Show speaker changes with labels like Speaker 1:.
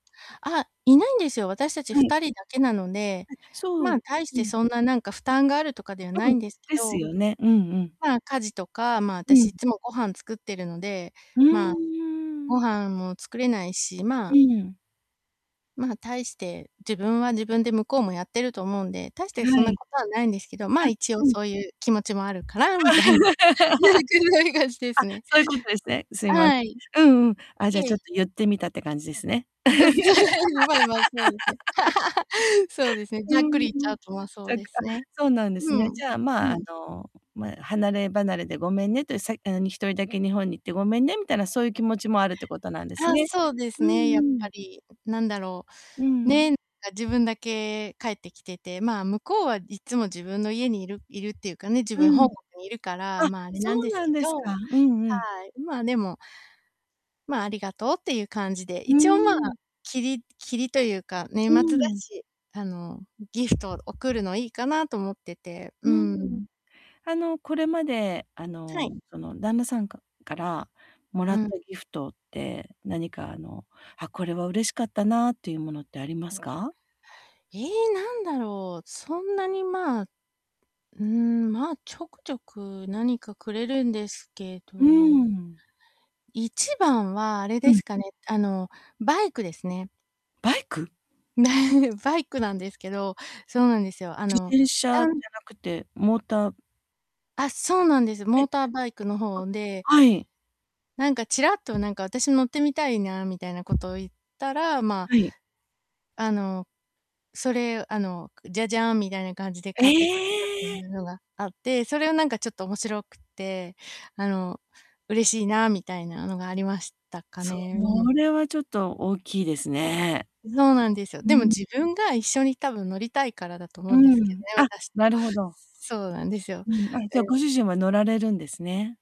Speaker 1: あ、いないんですよ。私たち
Speaker 2: は
Speaker 1: ふ
Speaker 2: い。
Speaker 1: たりだけなので、
Speaker 2: あ、そ
Speaker 1: ま
Speaker 2: う、
Speaker 1: あ、大し
Speaker 2: う
Speaker 1: て
Speaker 2: ん。
Speaker 1: そんななんか負担があるとかでは
Speaker 2: 多
Speaker 1: な
Speaker 2: 分、
Speaker 1: いんですけ
Speaker 2: です
Speaker 1: ど、
Speaker 2: よね。うんうん。
Speaker 1: まあ、家事とか、まあ、あ
Speaker 2: う
Speaker 1: たしい
Speaker 2: ん。
Speaker 1: っつもご飯作ってるので、
Speaker 2: うん、
Speaker 1: ま
Speaker 2: う
Speaker 1: あ、
Speaker 2: ー
Speaker 1: ご
Speaker 2: ん。
Speaker 1: 飯も作れないし、ま
Speaker 2: う
Speaker 1: あ
Speaker 2: ん。
Speaker 1: まあ、大して、自分は自分で向こうもやってると思うんで、大し
Speaker 2: ん、
Speaker 1: てそん
Speaker 2: は
Speaker 1: な
Speaker 2: い。
Speaker 1: ことはないんですけど、まあ、
Speaker 2: あ、
Speaker 1: 一応
Speaker 2: うん。
Speaker 1: そうゆう気持ちもあるから、みたいなん
Speaker 2: あ、
Speaker 1: てぐらいがしてすね。
Speaker 2: そゆことですね。すいま
Speaker 1: はい。
Speaker 2: うんうん。あ、
Speaker 1: い
Speaker 2: じゃ、
Speaker 1: え
Speaker 2: ちょっ
Speaker 1: い。
Speaker 2: と言ってみたって感じですね。
Speaker 1: う、じゃ そうですね。そうですね、
Speaker 2: う
Speaker 1: ざっくり
Speaker 2: ん
Speaker 1: 言っちゃ
Speaker 2: うん。
Speaker 1: うと、ま、そう
Speaker 2: あ、
Speaker 1: ですね。
Speaker 2: そうなんです
Speaker 1: う
Speaker 2: ね。
Speaker 1: ん。
Speaker 2: じゃあ、ま
Speaker 1: う
Speaker 2: あ、あ
Speaker 1: ん。
Speaker 2: の、まあ、離れ離れでごめんねって、さいあ、に1人だけ日本に行ってごめんねみたいな、そうゆ気持ちもあるってことなんです
Speaker 1: ああ、
Speaker 2: ね。
Speaker 1: そうです
Speaker 2: うん
Speaker 1: ね。やっ
Speaker 2: う
Speaker 1: ぱ
Speaker 2: ん。
Speaker 1: り。なんだろう。
Speaker 2: うん。
Speaker 1: ね、か、自分だけ帰ってきてて、まあ、向こうはいっつも自分の家にいるいるっていうかね、自
Speaker 2: う
Speaker 1: 分、本
Speaker 2: ん。
Speaker 1: 国にいるから、
Speaker 2: あ、
Speaker 1: ま、あれ
Speaker 2: そ
Speaker 1: なん
Speaker 2: う
Speaker 1: です
Speaker 2: なん
Speaker 1: け
Speaker 2: です
Speaker 1: ど、
Speaker 2: か。うんうん。
Speaker 1: はい。ん、まあ、でもまあ、ありがとう、ってゆう感じで、
Speaker 2: うー
Speaker 1: 一応、まあ、
Speaker 2: ん。
Speaker 1: きりきりとゆうか、年
Speaker 2: う
Speaker 1: 末
Speaker 2: ん
Speaker 1: だ
Speaker 2: うん。
Speaker 1: し、あの、ギフト、贈るのいいかなと思ってて。う
Speaker 2: う
Speaker 1: ー
Speaker 2: んうん。
Speaker 1: ん。
Speaker 2: あの、これまで、あ
Speaker 1: はい。
Speaker 2: の、その、旦那さんかから貰
Speaker 1: う
Speaker 2: っ
Speaker 1: ん。
Speaker 2: たギフトで、何か、あの、あ、これは嬉しかったなっていうものってありますか？
Speaker 1: ええ、なんだろう、そんなにまあ。うーん、まあ、ちょくちょく何かくれるんですけ
Speaker 2: う
Speaker 1: ど
Speaker 2: ん。
Speaker 1: 一番はあれで
Speaker 2: うん。
Speaker 1: すかね、あの、バイクですね。
Speaker 2: バイク？
Speaker 1: なんで、バイクなんですけど、そうなんですよ。あ
Speaker 2: 自
Speaker 1: の、
Speaker 2: 転
Speaker 1: だ
Speaker 2: 車じ
Speaker 1: ん
Speaker 2: ゃなくて、モーター
Speaker 1: あ、そうなんです。
Speaker 2: は
Speaker 1: モー
Speaker 2: い。
Speaker 1: ターバイクの方で
Speaker 2: あ。はい。
Speaker 1: なんか、ちらっと、なんか、「私乗ってみたいな」、みたいなことを言ったら、まあ
Speaker 2: はい。
Speaker 1: あの、それ、あの、ジャジャーン、みたいな感じで
Speaker 2: え
Speaker 1: 買ってくれたってい
Speaker 2: え。
Speaker 1: うのがあって、それはなんかちょっと面白くって、あの、嬉しいな、みたいなのがありましたか
Speaker 2: そ
Speaker 1: ね。うん。
Speaker 2: れはちょっと大きいですね。
Speaker 1: そうなんですよ。
Speaker 2: う
Speaker 1: でも、
Speaker 2: ん。
Speaker 1: 自分が一緒に、多分乗りたいからだと
Speaker 2: う
Speaker 1: 思うんですけど
Speaker 2: ん、
Speaker 1: ね、
Speaker 2: あ、
Speaker 1: 私と。
Speaker 2: なるほど。
Speaker 1: そうなんですよ。
Speaker 2: うん、あ、じゃ、
Speaker 1: うん。
Speaker 2: ご主人は乗られるんですね。